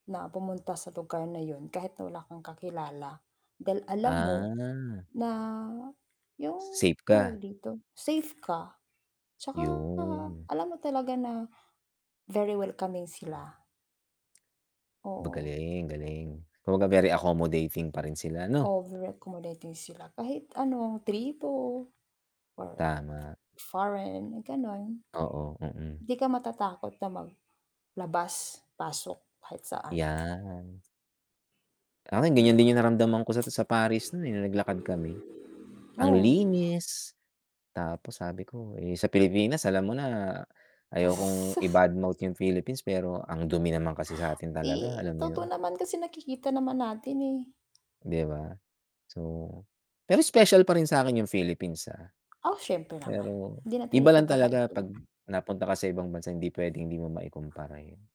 Na pumunta sa lugar na 'yon, kahit na wala kang kakilala, dahil alam mo Ah. na 'yung Safe tawag ka. dito, safe ka, tsaka 'Yon. alam mo talaga na very welcoming sila. Oo. Magaling-galing, kumbaga, very accommodating pa rin sila, 'no? Over-accommodating sila, kahit ano tripo, foreign, Tama. foreign gano'n. Oo, mm. 'Di ka matatakot na maglabas pasok kahit saan. 'Yan. Akin, ganiyan Niya. din 'yung naramdaman ko sa sa Paris no'n, eh, no'ng naglakad kami. Ang Oo. linis, tapos sabi ko, eh, sa Pilipinas alam mo na, ayokong Asus! i-bad mouth 'yung Philippines pero ang dumi naman kasi sa'tin talaga, alam Eh, mo 'yon. totoo naman kasi, nakikita naman natin, eh. 'Di ba? So pero special pa rin sa'kin 'yung Philippines, ah. Ah, siyempre naman, Pero hindi iba natin lang ipagkakait talaga 'pag 'yon. napunta ka sa ibang bansa, hindi puwedeng hindi mo maikumpara, eh.